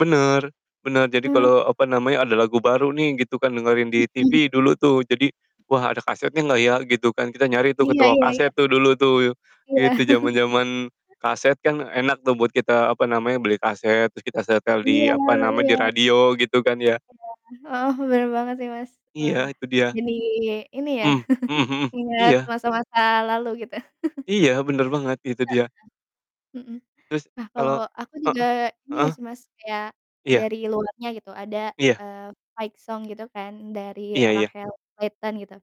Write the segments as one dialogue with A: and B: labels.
A: Bener bener, jadi
B: Eh.
A: kalo, apa
B: [unintelligible]
A: namanya, ada lagu baru nih gitu kan dengerin di
B: Mhm.
A: TV dulu tuh. Jadi, "Wah, ada kasetnya nggak ya?" Gitu kan, kita nyari tuh ke
B: Iya
A: toko
B: iya
A: kaset
B: iya.
A: tuh dulu tuh,
B: Iya.
A: gitu. Zaman-zaman kaset kan enak tuh buat kita, apa namanya, beli kaset terus kita setel di,
B: Iya
A: apa nama, di
B: iya.
A: radio, gitu kan ya?
B: Iya. Oh, bener banget sih, Mas.
A: Iya,
B: Wah,
A: itu dia.
B: jadi ini ya
A: Hmm mhm mhm.
B: ingat
A: Iya.
B: masa-masa lalu gitu.
A: Iya, bener banget, itu
B: Heeh,
A: dia.
B: mhm.
A: Terus,
B: Nah,
A: kalo
B: kalo aku
A: heeh
B: juga ini
A: heeh.
B: sih Mas, kayak
A: Iya.
B: dari luarnya gitu ada,
A: Iya.
B: eee, fight song gitu ini kan dari
A: Iya iya.
B: Rachel Kleaton, gitu.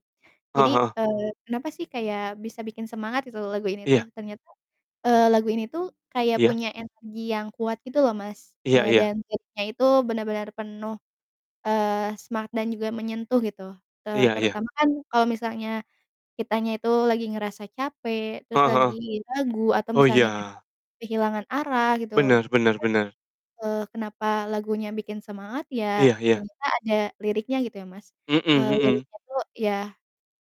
A: Heeh
B: Jadi,
A: heeh.
B: eee, kenapa sih kayak bisa bikin semangat, gitu lagu ini
A: Iya.
B: tuh, ternyata, eee, lagu ini tuh kayak
A: Iya.
B: punya energi yang kuat gitu loh, Mas,
A: Iya
B: eee,
A: iya.
B: dan vibe-nya itu benar-benar penuh, eee, semangat dan juga menyentuh gitu, eee,
A: Iya iya.
B: terutama kan kalo misalnya kitanya itu lagi ngerasa capek, terus
A: Heeh heeh.
B: lagi lagu atau
A: Oh,
B: misalnya
A: iya.
B: kayak kehilangan arah, gitu,
A: Bener bener bener.
B: [unintelligible] eee, kenapa lagunya bikin semangat, ya,
A: Iya iya.
B: ternyata ada liriknya gitu ya Mas,
A: Mhm
B: eee,
A: mhm.
B: liriknya tuh, yah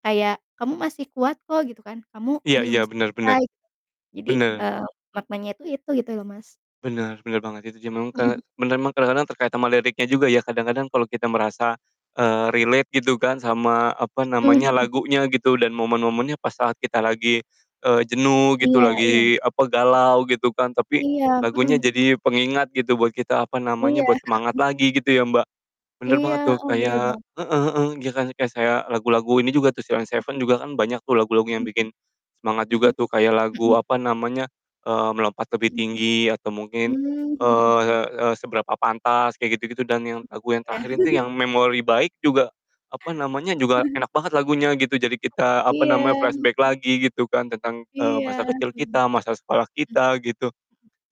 B: kayak, "Kamu masih kuat kok," gitu kan, "kamu
A: Iya iya.
B: belum
A: Bener bener.
B: selesai." Jadi,
A: Bener.
B: eee, maknanya itu itu gitu loh, Mas.
A: Bener bener banget itu, ya je meng ke
B: Mhm.
A: bener emang kadang-kadang terkait sama liriknya juga ya kadang-kadang kalo kita merasa, eee, relate gitu kan sama, apa
B: Mhm
A: namanya,
B: mhm.
A: lagunya gitu dan momen-momennya pas saat kita lagi, eee, jenuh gitu,
B: Iya iya, mhm.
A: lagi, apa, galau gitu kan. Tapi,
B: Iya,
A: lagunya
B: mhm.
A: jadi pengingat gitu buat kita, apa namanya,
B: Iya,
A: buat semangat
B: mhm.
A: lagi gitu ya, Mbak? Bener
B: Iya,
A: banget tuh,
B: heeh. Bener bang.
A: kayak heeh heeh, iya kan, kayak saya lagu-lagu ini juga tuh Sheila On
B: Mhm.
A: 7 juga kan banyak tuh lagu-lagu yang
B: Mhm.
A: bikin semangat
B: Mhm
A: juga tuh kayak lagu,
B: mhm.
A: apa namanya, eee, Melompat Lebih
B: Mhm.
A: Tinggi atau mungkin,
B: Mmm, mhm mhm.
A: eee, e Seberapa Pantas kayak gitu-gitu dan
B: Mhm.
A: yang lagu yang
B: Iya.
A: terakhir itu yang Memori Baik juga, apa namanya, juga enak banget lagunya, gitu. Jadi, kita, apa namanya,
B: Iya,
A: flashback
B: mhm.
A: lagi gitu kan tentang,
B: Iya
A: eee,
B: iya.
A: masa kecil
B: Hmm.
A: kita, masa sekolah
B: Mhm.
A: kita, gitu.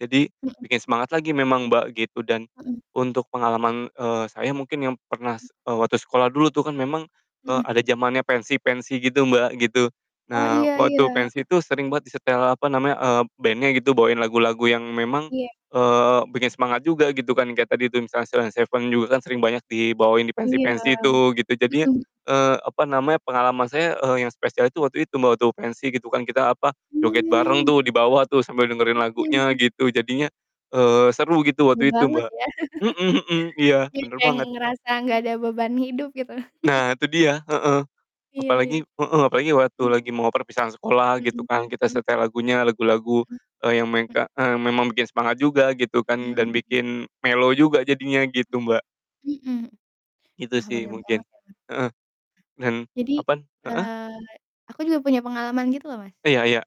A: Jadi,
B: Mhm.
A: bikin semangat lagi memang, Mbak, gitu dan
B: Mhm.
A: untuk pengalaman, eee, saya mungkin yang pernah,
B: Mhm.
A: eee, waktu sekolah dulu tuh kan memang, eee,
B: Mhm.
A: ada zamannya pensi-pensi gitu, Mbak, gitu.
B: Oh,
A: Nah,
B: iya iya,
A: waktu
B: heeh.
A: pensi itu sering banget disetel, apa namanya, eee, bandnya gitu bawain lagu-lagu yang memang,
B: Iya.
A: eee, bikin semangat juga, gitu kan. Kayak tadi itu misalnya Sheila On 7 juga kan sering banyak dibawain di
B: Iya,
A: pensi-pensi tuh gitu, jadinya,
B: mhm.
A: eee, apa namanya, pengalaman saya, eee, yang spesial itu waktu itu, Mbak, waktu pensi gitu kan, kita, apa, joget bareng
B: Mmm.
A: tuh di bawah tuh sambil dengerin
B: Mhm
A: lagunya
B: mhm.
A: gitu, jadinya, eee, seru gitu waktu
B: Seneng
A: itu,
B: banget
A: Mbak.
B: ya?
A: Mhm mhm, iya,
B: Jadi
A: bener
B: kayak
A: banget.
B: ngerasa gak ada beban hidup gitu.
A: Nah, itu dia, heeh.
B: Iya iya.
A: Apalagi heeh, apalagi waktu
B: Hmm.
A: lagi mau perpisahan sekolah, gitu
B: Mhm,
A: kan, kita
B: mmm.
A: setel lagunya, lagu-lagu,
B: Mhm,
A: eee, yang
B: mmm.
A: mengka eee, memang bikin semangat juga gitu kan, dan
B: Mhm.
A: bikin mellow juga jadinya, gitu, Mbak.
B: Mhm. Mhm.
A: Gitu
B: Wah,
A: sih
B: bener
A: mungkin.
B: banget ya kan.
A: Heeh, dan
B: Jadi,
A: apaan? Heeh?
B: eee, aku juga punya pengalaman gitu loh, Mas.
A: Iya iya.